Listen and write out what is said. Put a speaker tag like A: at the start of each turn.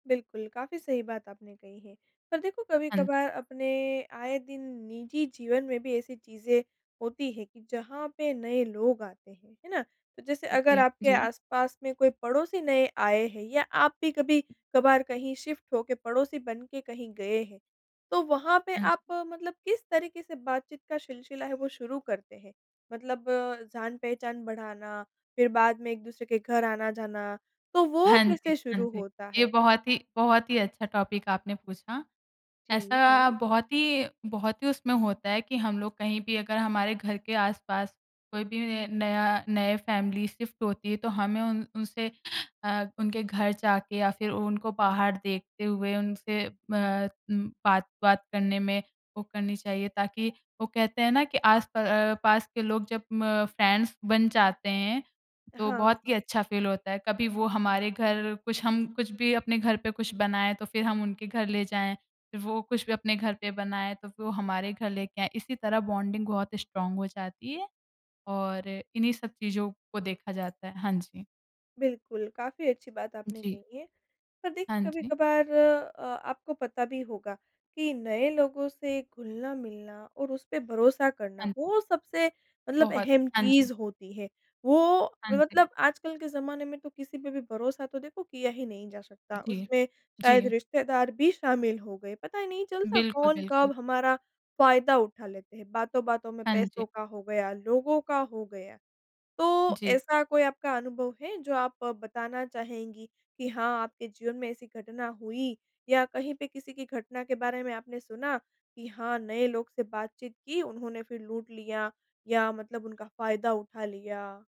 A: बिल्कुल, काफ़ी सही बात आपने कही है। पर देखो,
B: हाँ।
A: कभी-कभार अपने आए दिन निजी जीवन में भी ऐसी चीज़ें होती हैं, कि जहाँ पे नए लोग आते हैं, है ना? तो जैसे अगर
B: ओके,
A: आपके
B: जी।
A: आस-पास में कोई पड़ोसी नए आए हैं, या आप भी कभी-कभार कहीं शिफ्ट हो के पड़ोसी बन के कहीं गए हैं। तो वहाँ पे
B: हाँ जी।
A: आप मतलब किस तरीके से बातचीत का सिलसिला है वो शुरू करते हैं? मतलब जान-पहचान बढ़ाना, फिर बाद में एक-दूसरे के घर आना-जाना। तो वो
B: हाँ जी,
A: कैसे
B: हाँ
A: शुरू
B: जी।
A: होता
B: ये
A: है?
B: बहुत ही बहुत ही अच्छा टॉपिक आपने पूछा।
A: जी,
B: ऐसा
A: हाँ।
B: बहुत ही बहुत ही उसमें होता है कि, हम लोग कहीं भी अगर हमारे घर के आस-पास कोई भी न नया नए फैमिली शिफ्ट होती है, तो हमें उन उनसे अ, उनके घर जाके या फिर उनको बाहर देखते हुए उनसे म उम, बात-वात करने में वो करनी चाहिए। ताकि वो कहते हैं ना, कि आस प अ, पास के लोग जब म फ्रेंड्स बन जाते हैं, तो
A: हाँ,
B: बहुत ही
A: हाँ।
B: अच्छा फ़ील होता है। कभी वो हमारे घर कुछ हम, कुछ भी अपने घर पे कुछ बनाए, तो फिर हम उनके घर ले जाएँ। वो कुछ भी अपने घर पे बनाए, तो फिर वो हमारे घर लेके आए। इसी तरह बॉन्डिंग बहुत स्ट्रांग हो जाती है। और, इन्हीं सब चीज़ो को देखा जाता है। हाँ जी।
A: बिल्कुल। काफ़ी अच्छी बात आपने
B: जी।
A: कही है। पर
B: हाँ,
A: देखिए
B: जी।
A: कभी-कभार अ, आपको पता भी होगा, कि नए लोगों से घुलना-मिलना और उस पे भरोसा करना,
B: हाँ।
A: वो सबसे, मतलब
B: बहुत।
A: अहम
B: हाँ
A: चीज़
B: जी।
A: होती है। वो
B: हाँ जी।
A: मतलब, आजकल के ज़माने में तो किसी पे भी भरोसा तो देखो किया ही नहीं जा सकता।
B: जी।
A: उसमें शायद
B: जी।
A: रिश्तेदार भी शामिल हो गए। पता ही नहीं चलता
B: बिल्कुल,
A: कौन
B: बिल्कुल।
A: कब हमारा फ़ायदा उठा लेते हैं। बातों-बातों में
B: हाँ
A: पैसों
B: जी।
A: का हो गया, लोगों का हो गया। तो,
B: जी।
A: ऐसा कोई आपका अनुभव है, जो आप अ, बताना चाहेंगी कि हाँ, आपके जीवन में ऐसी घटना हुई? या कहीं पे किसी की घटना के बारे में आपने सुना कि हाँ, नए लोग से बातचीत की, उन्होंने फिर लूट लिया? या मतलब उनका फ़ायदा उठा लिया?